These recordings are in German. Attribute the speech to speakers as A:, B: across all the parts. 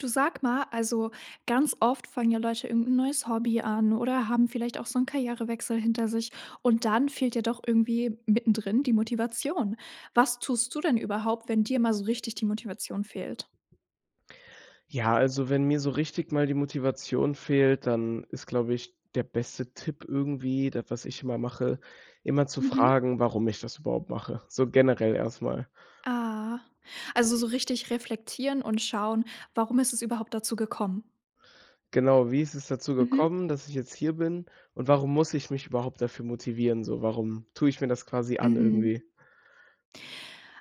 A: Du sag mal, also, ganz oft fangen ja Leute irgendein neues Hobby an oder haben vielleicht auch so 'n Karrierewechsel hinter sich und dann fehlt ja doch irgendwie mittendrin die Motivation. Was tust du denn überhaupt, wenn dir mal so richtig die Motivation fehlt?
B: Ja also, wenn mir so richtig mal die Motivation fehlt, dann ist, glaube ich, der beste Tipp irgendwie das was ich immer mache, immer zu
A: Mhm.
B: fragen, warum ich das überhaupt mache, so generell erstmal.
A: Ah, also, so richtig reflektieren und schauen, warum ist es überhaupt dazu gekommen?
B: Genau. Wie ist es dazu
A: Mhm.
B: gekommen, dass ich jetzt hier bin? Und, warum muss ich mich überhaupt dafür motivieren? So, warum tue ich mir das quasi an
A: Mhm.
B: irgendwie?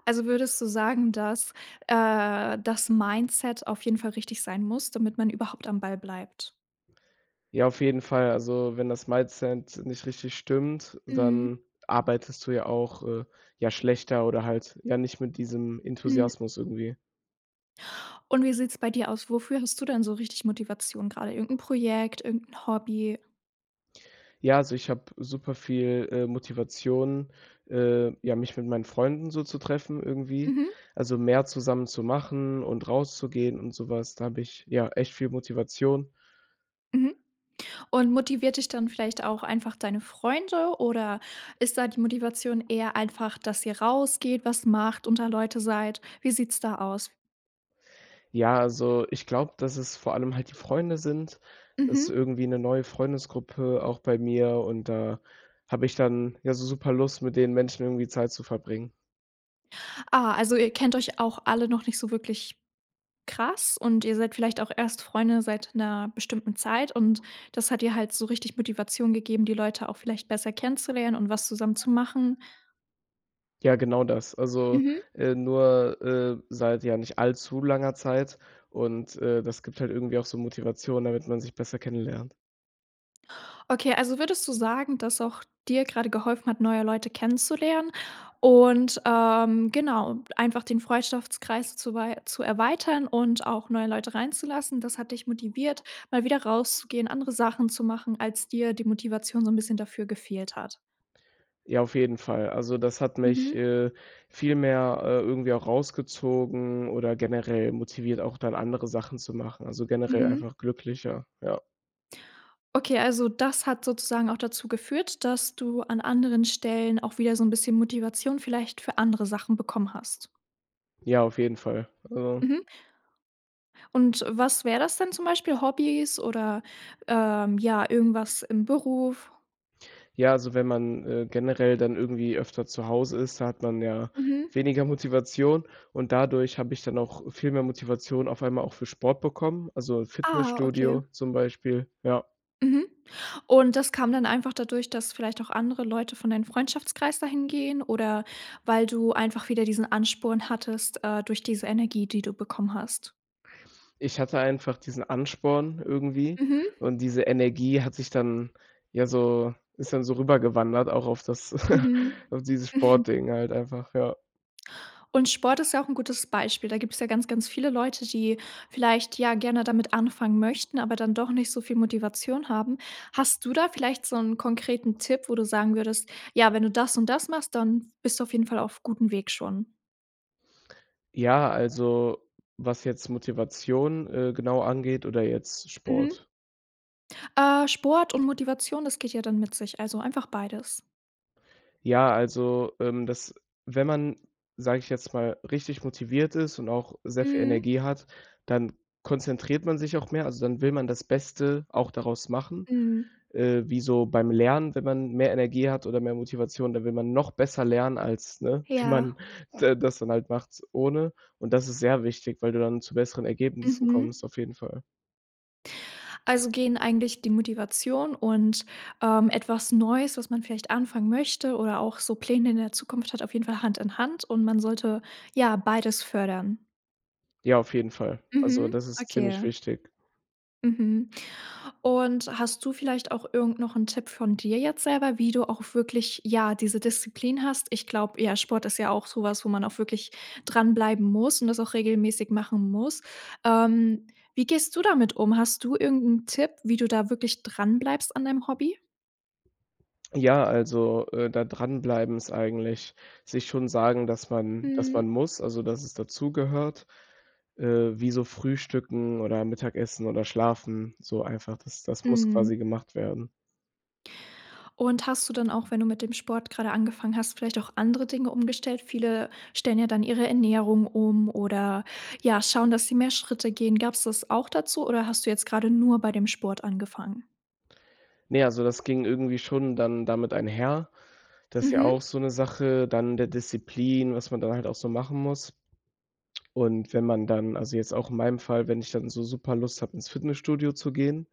A: Also, würdest du sagen, dass, äh, das Mindset auf jeden Fall richtig sein muss, damit man überhaupt am Ball bleibt.
B: Ja, auf jeden Fall. Also, wenn das Mindset nicht richtig stimmt,
A: Mhm.
B: dann arbeitest du ja auch, äh, ja schlechter oder halt, ja nicht mit diesem
A: Hm.
B: Enthusiasmus irgendwie.
A: Und wie sieht's bei dir aus, wofür hast du denn so richtig Motivation? Gerade irgendein Projekt, irgendein Hobby?
B: Ja, also, ich habe super viel, äh, Motivation, äh, ja, mich mit meinen Freunden so zu treffen, irgendwie.
A: Mhm.
B: Also, mehr zusammen zu machen und rauszugehen und sowas. Da habe ich, ja, echt viel Motivation.
A: Mhm. Und, motiviert dich dann vielleicht auch einfach deine Freunde oder ist da die Motivation eher einfach, dass ihr rausgeht, was macht, unter Leute seid? Wie sieht's da aus?
B: Ja, also, ich glaube, dass es vor allem halt die Freunde sind. Das ist
A: Mhm.
B: irgendwie 'ne neue Freundesgruppe auch bei mir und da habe ich dann ja so super Lust, mit den Menschen irgendwie Zeit zu verbringen.
A: Ah, also, ihr kennt euch auch alle noch nicht so wirklich krass und ihr seid vielleicht auch erst Freunde seit 'ner bestimmten Zeit. Und, das hat dir halt so richtig Motivation gegeben, die Leute auch vielleicht besser kennenzulernen und was zusammen zu machen.
B: Ja, genau das. Also,
A: Mhm.
B: äh, nur, äh, seit ja nicht allzu langer Zeit und, äh, das gibt halt irgendwie auch so Motivation, damit man sich besser kennenlernt.
A: Okay, also würdest du sagen, dass auch dir gerade geholfen hat, neue Leute kennenzulernen und, ähm, genau, einfach den Freundschaftskreis zu wei zu erweitern und auch neue Leute reinzulassen, das hat dich motiviert, mal wieder rauszugehen, andere Sachen zu machen, als dir die Motivation so 'n bisschen dafür gefehlt hat?
B: Ja, auf jeden Fall. Also, das hat mich,
A: Mhm.
B: äh, viel mehr, äh, irgendwie auch rausgezogen oder generell motiviert, auch dann andere Sachen zu machen, also generell
A: Mhm.
B: einfach glücklicher, ja.
A: Okay, also das hat sozusagen auch dazu geführt, dass du an anderen Stellen auch wieder so 'n bisschen Motivation vielleicht für andere Sachen bekommen hast.
B: Ja, auf jeden Fall. Also
A: Mhm. Und was wäre das dann zum Beispiel, Hobbys oder, ähm, ja, irgendwas im Beruf?
B: Ja, also, wenn man, äh, generell dann irgendwie öfter zu Hause ist, da hat man ja
A: Mhm.
B: weniger Motivation. Und dadurch habe ich dann auch viel mehr Motivation auf einmal auch für Sport bekommen. Also,
A: Ah, okay.
B: Fitnessstudio zum Beispiel, ja.
A: Mhm. Und das kam dann einfach dadurch, dass vielleicht auch andere Leute von deinen Freundschaftskreis da hingehen oder, weil du einfach wieder diesen Ansporn hattest, äh, durch diese Energie, die du bekommen hast?
B: Ich hatte einfach diesen Ansporn irgendwie.
A: Mhm. Mhm.
B: Und diese Energie hat sich dann ja, so, ist dann so rübergewandert, auch auf das
A: Mhm.
B: auf dieses
A: Mhm.
B: Sportding halt einfach, ja.
A: Und Sport ist ja auch 'n gutes Beispiel. Da gibt's ja ganz ganz viele Leute, die vielleicht, ja, gerne damit anfangen möchten, aber dann doch nicht so viel Motivation haben. Hast du da vielleicht so 'n konkreten Tipp, wo du sagen würdest, ja, wenn du das und das machst, dann bist du auf jeden Fall auf gutem Weg schon?
B: Ja, also, was jetzt Motivation, äh, genau angeht, oder jetzt
A: Mhm.
B: Sport?
A: Äh, Sport und Motivation, das geht ja dann mit sich. Also einfach beides.
B: Ja, also, ähm, dass wenn man, sage ich jetzt mal, richtig motiviert ist und auch sehr viel
A: Mhm.
B: Energie hat, dann konzentriert man sich auch mehr. Also, dann will man das Beste auch daraus machen.
A: Mhm.
B: Äh, wie so beim Lernen, wenn man mehr Energie hat oder mehr Motivation, dann will man noch besser lernen, als, ne? Wie man
A: Ja.
B: da das dann halt macht ohne. Und, das ist sehr wichtig, weil du dann zu besseren Ergebnissen
A: Mhm.
B: kommst, auf jeden Fall.
A: Also gehen eigentlich die Motivation und, ähm, etwas Neues, was man vielleicht anfangen möchte oder auch so Pläne in der Zukunft hat, auf jeden Fall Hand in Hand und man sollte ja beides fördern?
B: Ja, auf jeden Fall. Also,
A: Mhm.
B: das ist ziemlich
A: Okay.
B: wichtig.
A: Mhm. Und, hast du vielleicht auch irgend noch 'n Tipp von dir jetzt selber, wie du auch wirklich, ja, diese Disziplin hast. Ich glaube, ja, Sport ist ja auch sowas, wo man auch wirklich dran bleiben muss und das auch regelmäßig machen muss. Ähm, wie gehst du damit um? Hast du irgend ‘n Tipp, wie du da wirklich dran bleibst an deinem Hobby?
B: Ja, also, äh, da dran bleiben ist eigentlich sich schon sagen, dass man dass man
A: Mhm.
B: muss, also, dass es dazu gehört, äh, wie so Frühstücken oder Mittagessen oder Schlafen, so einfach, das das muss quasi
A: Mhm.
B: gemacht werden.
A: Und, hast du dann auch, wenn du mit dem Sport gerade angefangen hast, vielleicht auch andere Dinge umgestellt. Viele stellen ja dann ihre Ernährung um, oder ja, schauen, dass sie mehr Schritte gehen. Gab‘s das auch dazu oder hast du jetzt gerade nur bei dem Sport angefangen?
B: Ne, also, das ging irgendwie schon dann damit einher. Das ist ja
A: Mhm.
B: auch so 'ne Sache dann der Disziplin, was man dann halt auch so machen muss. Und, wenn man dann also jetzt auch in meinem Fall, wenn ich dann so super Lust habe, ins Fitnessstudio zu gehen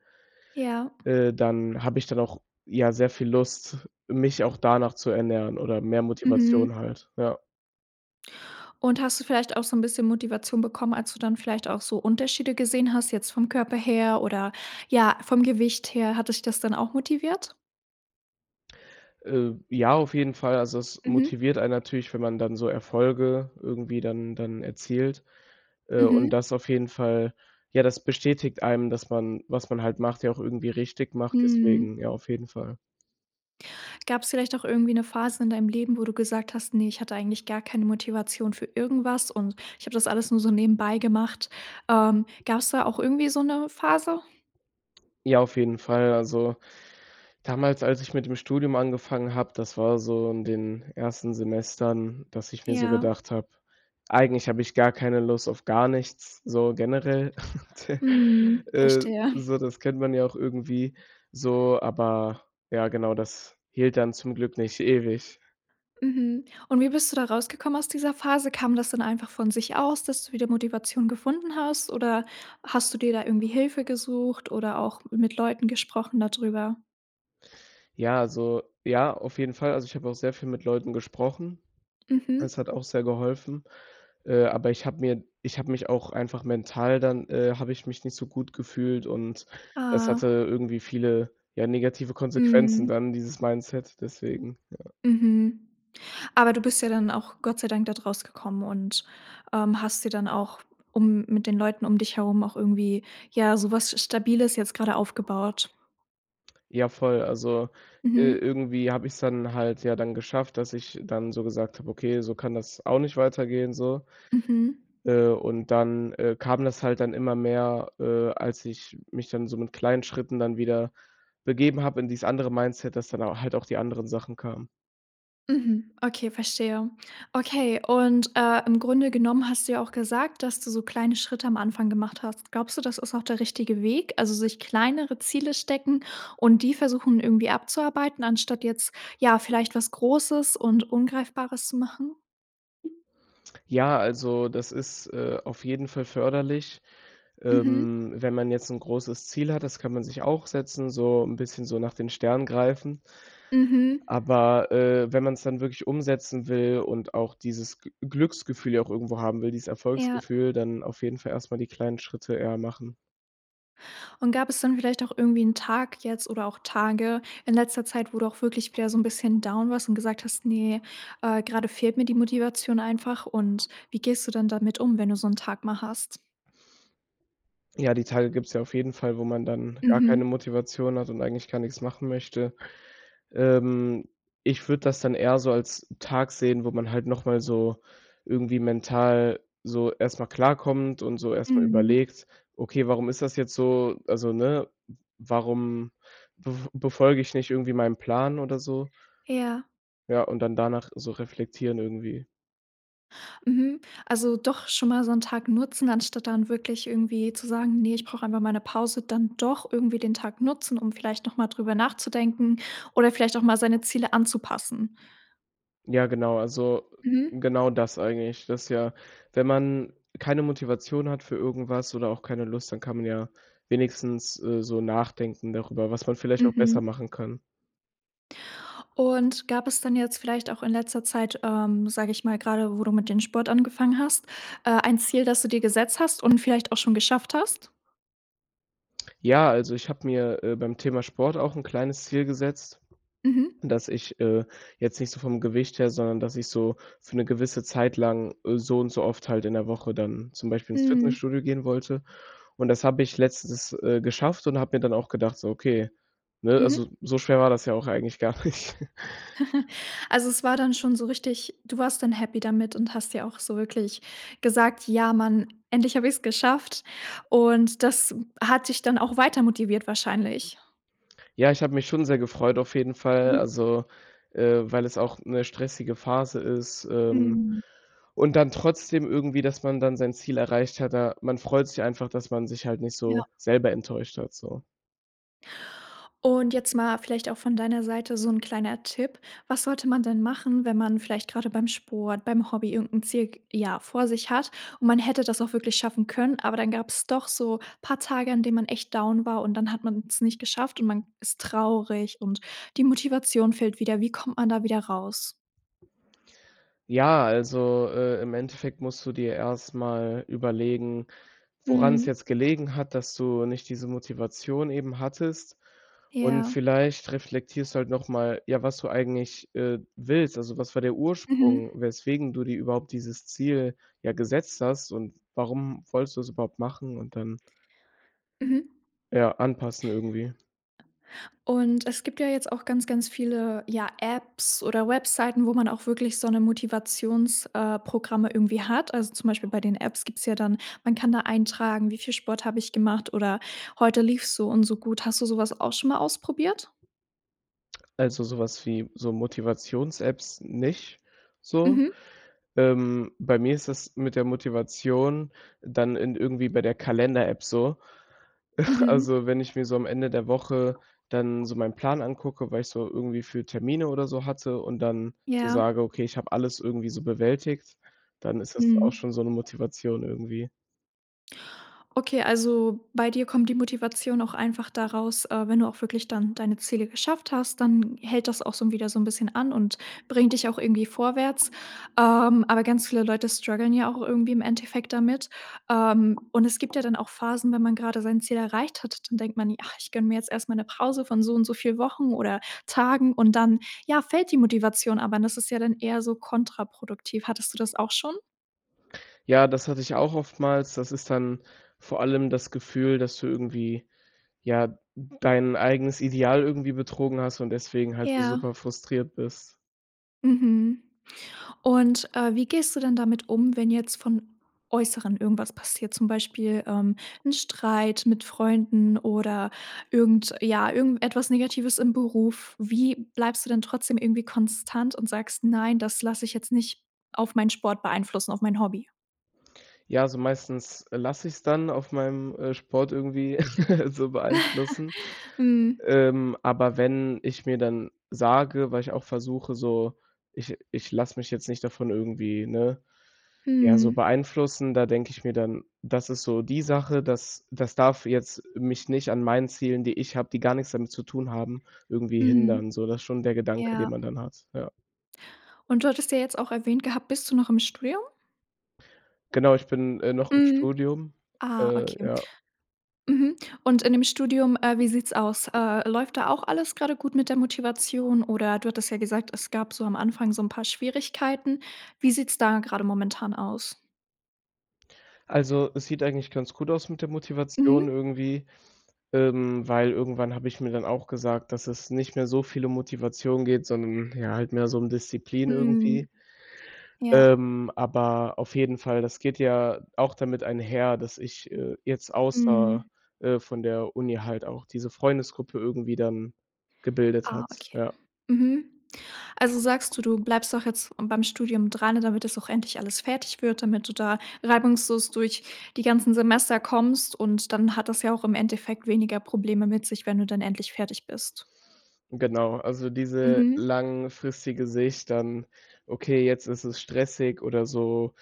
A: Ja.
B: äh, dann habe ich dann auch, ja, sehr viel Lust, mich auch danach zu ernähren oder mehr Motivation
A: Mhm.
B: halt, ja.
A: Und hast du vielleicht auch so 'n bisschen Motivation bekommen, als du dann vielleicht auch so Unterschiede gesehen hast jetzt vom Körper her, oder, ja, vom Gewicht her? Hat dich das dann auch motiviert?
B: Äh. Ja, auf jeden Fall. Also, es
A: Mhm.
B: motiviert einen natürlich, wenn man dann so Erfolge irgendwie dann dann erzielt. Äh, und
A: Mhm.
B: das auf jeden Fall ja, das bestätigt einem, dass man, was man halt macht ja auch irgendwie richtig macht,
A: Mhm.
B: deswegen ja, auf jeden Fall.
A: Gab's vielleicht auch irgendwie 'ne Phase in deinem Leben, wo du gesagt hast: „Ne, ich hatte eigentlich gar keine Motivation für irgendwas. Und ich habe das alles nur so nebenbei gemacht.“ Ähm, gab's da auch irgendwie so 'ne Phase?
B: Ja, auf jeden Fall. Also damals, als ich mit dem Studium angefangen habe, das war so in den ersten Semestern, dass ich mir so
A: Ja.
B: gedacht habe, eigentlich habe ich gar keine Lust auf gar nichts, so generell, te
A: Mhm.
B: äh,
A: Verstehe.
B: so das kennt man ja auch irgendwie so, aber ja, genau, das hielt dann zum Glück nicht ewig.
A: Mhm. Und wie bist du da rausgekommen aus dieser Phase? Kam das dann einfach von sich aus, dass du wieder Motivation gefunden hast, oder hast du dir da irgendwie Hilfe gesucht oder auch mit Leuten gesprochen da drüber?
B: Ja, also, ja, auf jeden Fall. Also, ich habe auch sehr viel mit Leuten gesprochen.
A: Mhm.
B: Das hat auch sehr geholfen. Äh, aber ich habe mir ich habe mich auch einfach mental dann, äh, habe ich mich nicht so gut gefühlt und das hatte
A: Aha.
B: irgendwie viele, ja, negative Konsequenzen
A: Mhm.
B: dann dieses Mindset, deswegen ja.
A: Mhm. Aber, du bist ja dann auch Gott sei Dank dort rausgekommen und, ähm, hast dir dann auch, um mit den Leuten um dich herum auch irgendwie, ja, sowas Stabiles jetzt gerade aufgebaut.
B: Ja, voll. Also, äh,
A: Mhm.
B: irgendwie habe ich‘s dann halt ja dann geschafft, dass ich dann so gesagt habe: „Okay, so kann das auch nicht weitergehen“, so.
A: Mhm.
B: Äh, und dann, äh, kam das halt dann immer mehr, äh, als ich mich dann so mit kleinen Schritten dann wieder begeben habe in dies andere Mindset, dass dann au halt auch die anderen Sachen kamen.
A: Mhm, okay, verstehe. Okay, und, äh, im Grunde genommen hast du ja auch gesagt, dass du so kleine Schritte am Anfang gemacht hast. Glaubst du, das ist auch der richtige Weg? Also, sich kleinere Ziele stecken und die versuchen irgendwie abzuarbeiten, anstatt jetzt ja, vielleicht was großes und Ungreifbares zu machen?
B: Ja, also, das ist, äh, auf jeden Fall förderlich.
A: Mhm.
B: Ähm, wenn man jetzt ‘n großes Ziel hat. Das kann man sich auch setzen, so ‘n bisschen so nach den Sternen greifen.
A: Mhm.
B: Aber, äh, wenn man ‘s dann wirklich umsetzen will und auch dieses G Glücksgefühl ja auch irgendwo haben will, dieses
A: Ja.
B: Erfolgsgefühl, dann auf jeden Fall erstmal die kleinen Schritte eher machen.
A: Und, gab es dann vielleicht auch irgendwie 'n Tag jetzt oder auch Tage in letzter Zeit, wo du auch wirklich wieder so 'n bisschen down warst und gesagt hast: „Ne, äh, gerade fehlt mir die Motivation einfach“, und wie gehst du dann damit um, wenn du so 'n Tag mal hast?
B: Ja, die Tage gibt‘s ja auf jeden Fall, wo man dann gar keine
A: Mhm.
B: Motivation hat und eigentlich gar nix machen möchte. Ähm, ich würde das dann eher so als Tag sehen, wo man halt noch mal so irgendwie mental so erstmal klarkommt und so erstmal
A: Mhm.
B: überlegt: „Okay, warum ist das jetzt so?“ Also, ne? „W warum bef befolge ich nicht irgendwie meinen Plan oder so?“
A: Ja.
B: Ja, und dann danach so reflektieren irgendwie.
A: Mhm. Also, doch schon mal so 'n Tag nutzen, anstatt dann wirklich irgendwie zu sagen: „Ne, ich brauche einfach mal 'ne Pause“, dann doch irgendwie den Tag nutzen, um vielleicht noch mal darüber nachzudenken oder vielleicht auch mal seine Ziele anzupassen.
B: Ja, genau. Also,
A: Mhm.
B: genau das eigentlich. Das ist ja, wenn man keine Motivation hat für irgendwas oder auch keine Lust, dann kann man ja wenigstens, äh, so nachdenken darüber, was man vielleicht auch besser
A: Mhm.
B: machen kann.
A: Und, gab es dann jetzt vielleicht auch in letzter Zeit, ähm, sage ich mal- gerade wo du mit dem Sport angefangen hast- äh, ein Ziel, das du dir gesetzt hast und vielleicht auch schon geschafft hast?
B: Ja. Also, ich habe mir, äh, beim Thema Sport auch ‘n kleines Ziel gesetzt,
A: Mhm.
B: dass ich, äh, jetzt nicht so vom Gewicht her, sondern dass ich so für ‘ne gewisse Zeit lang, äh, so und so oft halt in der Woche dann zum Beispiel ins
A: Mhm.
B: Fitnessstudio gehen wollte und das habe ich letztens, äh, geschafft und habe mir dann auch gedacht, so: „Okay. Ne, also
A: Mhm.
B: so schwer war das ja auch eigentlich gar nicht."
A: Also, es war dann schon so richtig du warst dann happy damit und hast dir auch so wirklich gesagt: „Ja, mann, endlich habe ich's geschafft." Und, das hat dich dann auch weiter motiviert wahrscheinlich?
B: Ja, ich habe mich schon sehr gefreut auf jeden Fall.
A: Hm.
B: Also, äh, weil es auch ‘ne stressige Phase ist, ähm,
A: Mhm.
B: und dann trotzdem irgendwie, dass man dann sein Ziel erreicht hat da man freut sich einfach, dass man sich halt nicht
A: Ja.
B: so selber enttäuscht hat, so.
A: Und, jetzt mal vielleicht auch von deiner Seite so ‘n kleiner Tipp. Was sollte man denn machen, wenn man vielleicht gerade beim Sport, beim Hobby irgend 'n Ziel, g ja vor sich hat und man hätte das auch wirklich schaffen können, aber dann gab's doch so paar Tage, an denen man echt down war und dann hat man's nicht geschafft und man ist traurig und die Motivation fehlt wieder. Wie kommt man da wieder raus?
B: Ja, also, äh, im Endeffekt musst du dir erst mal überlegen, woran's
A: Mhm.
B: jetzt gelegen hat, dass du nicht diese Motivation eben hattest. Und,
A: Ja.
B: vielleicht reflektierst du halt noch mal, ja, was du eigentlich, äh, willst. Also, was war der
A: Mhm.
B: Ursprung, weswegen du dir überhaupt dieses Ziel, ja, gesetzt hast und warum wolltest du es überhaupt machen, und dann
A: Mhm.
B: ja, anpassen, irgendwie.
A: Und, es gibt ja jetzt auch ganz, ganz viele, ja, Apps oder Webseiten, wo man auch wirklich so ‘ne Motivations äh, Programme irgendwie hat. Also, zum Beispiel bei den Apps gibt es ja dann man kann da eintragen, wie viel Sport habe ich gemacht oder heute lief es so und so gut. Hast du sowas auch schon mal ausprobiert?
B: Also, sowas wie, so Motivations-Apps nicht so.
A: Mhm.
B: Ähm, bei mir ist das mit der Motivation dann in irgendwie bei der Kalender-App so.
A: Mhm.
B: Also, wenn ich mir so am Ende der Woche dann so meinen Plan angucke, was ich so irgendwie für Termine oder so hatte und dann so
A: Ja.
B: sage: „Okay, ich habe alles irgendwie so bewältigt", dann ist das auch
A: Mhm.
B: schon so ‘ne Motivation irgendwie.
A: Okay, also bei dir kommt die Motivation auch einfach daraus, äh, wenn du auch wirklich dann deine Ziele geschafft hast, dann hält das auch so 'n wieder so'n bisschen an und bringt dich auch irgendwie vorwärts. Ähm, aber ganz viele Leute struggeln ja auch irgendwie im Endeffekt damit. Ähm, und es gibt ja dann auch Phasen, wenn man gerade sein Ziel erreicht hat, dann denkt man i „Ach, ich gönne mir jetzt erst mal 'ne Pause von so und so viel Wochen oder Tagen.“ Und dann, ja, fällt die Motivation, aber das ist ja dann eher so kontraproduktiv. Hattest du das auch schon?
B: Ja, das hatte ich auch oftmals. Das ist dann vor allem das Gefühl, dass du irgendwie, ja, dein eigenes Ideal irgendwie betrogen hast und deswegen halt so
A: Ja.
B: super frustriert bist.
A: Mhm. Und, äh, wie gehst du dann damit um, wenn jetzt vom Äußeren irgendwas passiert? Zum Beispiel, ähm, 'n Streit mit Freunden oder irgend ja, irgendetwas Negatives im Beruf? Wie bleibst du dann trotzdem irgendwie konstant und sagst: „Nein, das lasse ich jetzt nicht auf meinen Sport beeinflussen, auf mein Hobby?“
B: Ja, also meistens, äh, lasse ich's dann auf meinem, äh, Sport irgendwie so beeinflussen.
A: Mhm.
B: Ähm, aber wenn ich mir dann sage, weil ich auch versuche, so: „Ich ich lasse mich jetzt nicht davon irgendwie, ne, ja so
A: Mhm.
B: beeinflussen.“ Da denke ich mir dann: „Das ist so die Sache, das das darf jetzt mich nicht an meinen Zielen, die ich habe, die gar nix damit zu tun haben, irgendwie
A: Mhm.
B: hindern“, so das ist schon der Gedanke, den
A: Ja.
B: man dann hat. Ja.
A: Und du hattest ja jetzt auch erwähnt gehabt, bist du noch im Studium?
B: Genau. Ich bin, äh, noch im
A: Mhm.
B: Studium.
A: Ah,
B: Äh,
A: okay.
B: ja.
A: Mhm, und in dem Studium, äh, wie sieht's aus? Äh, läuft da auch alles grade gut mit der Motivation oder du hattest ja gesagt: „Es gab so am Anfang so ‘n paar Schwierigkeiten“. Wie sieht's da gerade momentan aus?
B: Also, es sieht eigentlich ganz gut aus mit der Motivation
A: Mhm.
B: irgendwie, ähm, weil irgendwann habe ich mir dann auch gesagt, dass es nicht mehr so viel um Motivation geht, sondern ja halt mehr so um Disziplin
A: Mhm.
B: irgendwie.
A: Ja.
B: Ähm, aber auf jeden Fall, das geht ja auch damit einher, dass ich, äh, jetzt außer,
A: Mhm.
B: äh, von der Uni halt auch diese Freundesgruppe irgendwie dann gebildet
A: Ah,
B: hat,
A: okay.
B: ja.
A: Mhm. Also, sagst du: „Du bleibst doch jetzt beim Studium dran, damit das auch endlich alles fertig wird, damit du da reibungslos durch die ganzen Semester kommst“ und dann hat das ja auch im Endeffekt weniger Probleme mit sich, wenn du dann endlich fertig bist.
B: Genau. Also, diese
A: Mhm.
B: langfristige Sicht dann: „Okay, jetzt ist es stressig oder so“,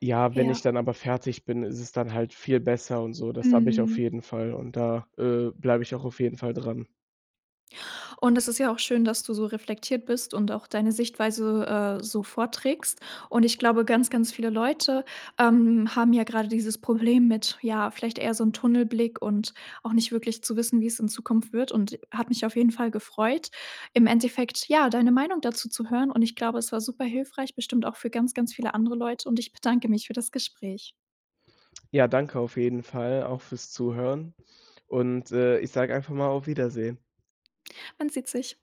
B: ja, wenn ich
A: Ja.
B: dann aber fertig bin, ist es dann halt viel besser und so. Das habe ich auf
A: Mhm.
B: jeden Fall und da, äh, bleibe ich auch auf jeden Fall dran.
A: Und, es ist ja auch schön, dass du so reflektiert bist und auch deine Sichtweise, äh, so vorträgst. Und ich glaube, ganz, ganz viele Leute, ähm, haben ja gerade dieses Problem mit, ja, vielleicht eher so 'n Tunnelblick und auch nicht wirklich zu wissen, wie es in Zukunft wird. Und hat mich auf jeden Fall gefreut, im Endeffekt ja, deine Meinung dazu zu hören, und ich glaube, es war super hilfreich. Bestimmt auch für ganz, ganz viele andere Leute, und ich bedanke mich für das Gespräch.
B: Ja, danke auf jeden Fall auch fürs Zuhören und, äh, ich sage einfach mal: „Auf Wiedersehen“.
A: Man sieht sich.